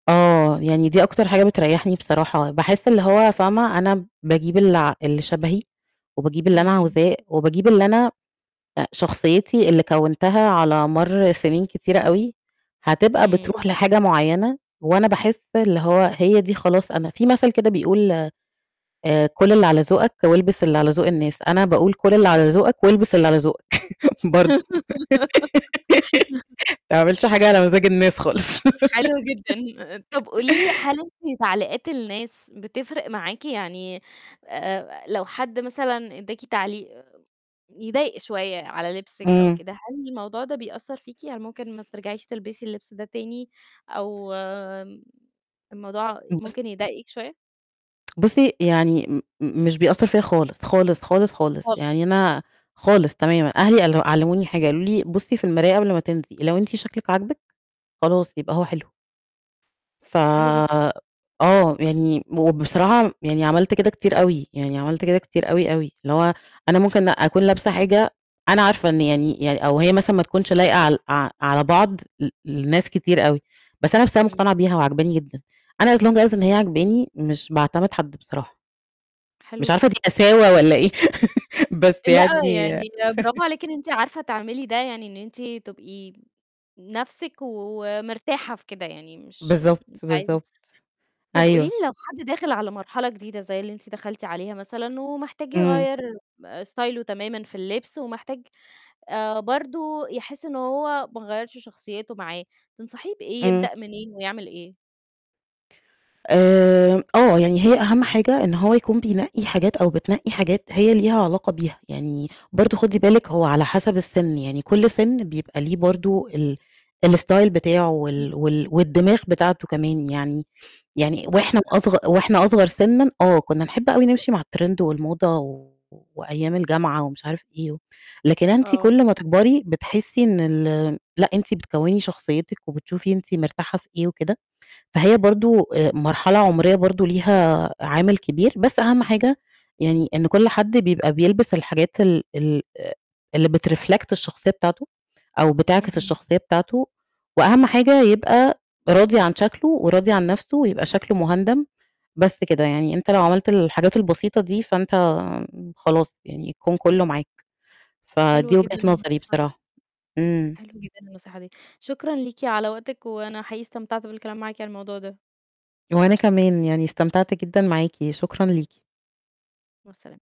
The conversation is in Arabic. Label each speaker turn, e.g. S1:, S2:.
S1: آه يعني دي أكتر حاجة بتريّحني بصراحة. باحس اللي هو فاهمة، أنا باجيب اللي ع اللي شبهي وباجيب اللي أنا
S2: امم.
S1: عاوزاه، وبجيب اللي أنا آآ، شخصيتي اللي كوّنتها على مَرّ سنين كتيرة أوي هتبقى
S2: امم.
S1: بتروح لحاجة معيّنة، وأنا باحس إن هو هي دي خلاص أنا في مثل كده بيقول آآ "كُل اللي على ذوقك، والبس اللي على ذوق الناس". أنا باقول: "كُل اللي على ذوقك، والبس اللي على ذوقك." برضو. ما تعملش حاجة على مزاج الناس خالص.
S2: حلو جدًا. طب قولي لي هل أنتِ تعليقات الناس بتفرق معاكِ؟ يعني، آآ، لو حد مثلًا اداكِ تعليق يضايق شوية على لِبسِك أو
S1: امم.
S2: كده، هل الموضوع ده بيأثر فيكِ؟ يعني ممكن ما ترجعيش تلبسي اللبس ده تاني، أو آمم، الموضوع
S1: بُصّ
S2: ممكن يضايقِك شوية؟
S1: بُصّي يعني م م مش بيأثر فيّا خالص، خالص، خالص، خالص.
S2: خالص.
S1: يعني أنا خالص تمامًا. أهلي قال علموني حاجة، قالوا لي: "بُصّي في المراية قبل ما تنزلي، لو أنتِ شكلِك عاجبِك خلاص يبقى هو حلو." ف
S2: حلو جد
S1: آه يعني وبصراحة يعني عملت كده كتير أوي، يعني عملت كده كتير أوي، أوي. اللي هو أنا ممكن أكون لابسة حاجة أنا عارفة إن يعني يعني أو هي مثلًا ما تكونش لايقة عل ع على بعض ل لناس كتير أوي، بس أنا بس أنا
S2: امم.
S1: مقتنعة بيها وعاجباني جدًا، أنا as long as إن هي عاجباني مش باعتمد حد بصراحة.
S2: حلو
S1: مش عارفة دي
S2: جدًا.
S1: قساوة والّا إيه، بس
S2: لأ، يعني
S1: يعني
S2: برافو عليكِ إن أنتِ عارفة تعملي ده، يعني إن أنتِ تبقي نَفسِك ومرتاحة في كده، يعني مش
S1: بالضبط،
S2: مش عايزة
S1: بالضبط.
S2: طب قولي لي
S1: أيوه.
S2: لو حد داخل على مرحلة جديدة زي اللي أنتِ دخلتِ عليها مثلًا، ومحتاج
S1: امم.
S2: يغيّر آآ، ستايله تمامًا في اللبس، ومحتاج، آآ، برضو يحس إن هو ما غيّرش شخصيته معاه، تنصحيه بإيه،
S1: امم.
S2: يبدأ منين، ويعمل إيه؟
S1: آمم، آه يعني هي أهم حاجة إن هو يكون بينقّي حاجات أو بتنقّي حاجات هي ليها علاقة بيها. يعني برضو خدي بالِك هو على حسب السِن، يعني كل سِن بيبقى ليه برضو ال الstyle بتاعه
S2: أكيد.
S1: وال وال والدماغ بتاعته كمان يعني. يعني
S2: معاكِ
S1: وإحنا
S2: حق
S1: أصغ
S2: فعلًا.
S1: وإحنا أصغر سِنًا آه كنا نحب أوي نمشي مع الtrend والموضة وأيام الجامعة ومش عارف إيه و لكن أنتِ
S2: آه.
S1: كل ما تكبري بتحسي إن ال لأ أنتِ بتكوّني شخصيتِك وبتشوفي أنتِ مرتاحة في إيه وكده. فهي برضو آآ، مرحلة عمرية برضو ليها عامل كبير. بس أهم حاجة يعني إن كل حد بيبقى بيلبس الحاجات ال ال آآ، اللي بتreflect الشخصية بتاعته، أو بتعكس
S2: اهم.
S1: الشخصية بتاعته. وأهم حاجة يبقى راضي عن شكله وراضي عن نَفسه ويبقى شكله مُهندَم. بس كده، يعني أنت لو عملت الحاجات البسيطة دي فأنت خلاص يعني الكون كله معاك.
S2: حلوة
S1: فدي وجهة
S2: جدًا
S1: نظري
S2: النصيحة دي.
S1: بصراحة. امم.
S2: حلوة جدًا النصيحة دي. شكرًا ليكِ على وقتِك، وأنا حقيقي استمتعت بالكلام معاكِ على الموضوع ده.
S1: وأنا كمان يعني استمتعت جدًا معاكِ. شكرًا ليكِ.
S2: مع السلامة.